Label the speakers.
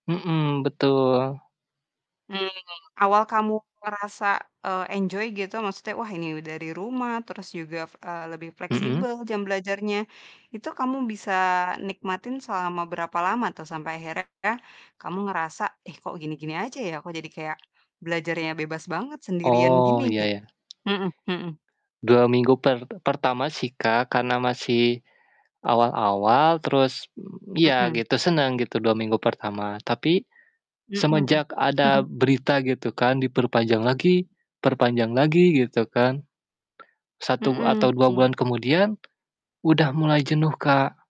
Speaker 1: Mhm, betul.
Speaker 2: Mmm, awal kamu ngerasa, eee, enjoy gitu, maksudnya, "Wah, ini u dari rumah, terus juga, f eee, lebih
Speaker 1: Mhm?
Speaker 2: fleksibel jam belajarnya", itu kamu bisa nikmatin selama berapa lama, tuh? Sampai akhirnya kamu ngerasa, "Ih, kok gini-gini aja, ya? Kok jadi kayak belajarnya bebas banget, sendirian gini",
Speaker 1: Oh, ya
Speaker 2: gitu.
Speaker 1: ya.
Speaker 2: Mhm mhm.
Speaker 1: 2 minggu per pertama sih, Kak, karena masih awal-awal, terus, mmm, ya
Speaker 2: Mhm.
Speaker 1: gitu, senang gitu, 2 minggu pertama. Tapi
Speaker 2: Mhm.
Speaker 1: semenjak ada berita, gitu kan, diperpanjang lagi, perpanjang lagi, gitu kan, 1 atau
Speaker 2: Mhm.
Speaker 1: 2
Speaker 2: Mmm.
Speaker 1: bulan kemudian udah mulai jenuh, Kak.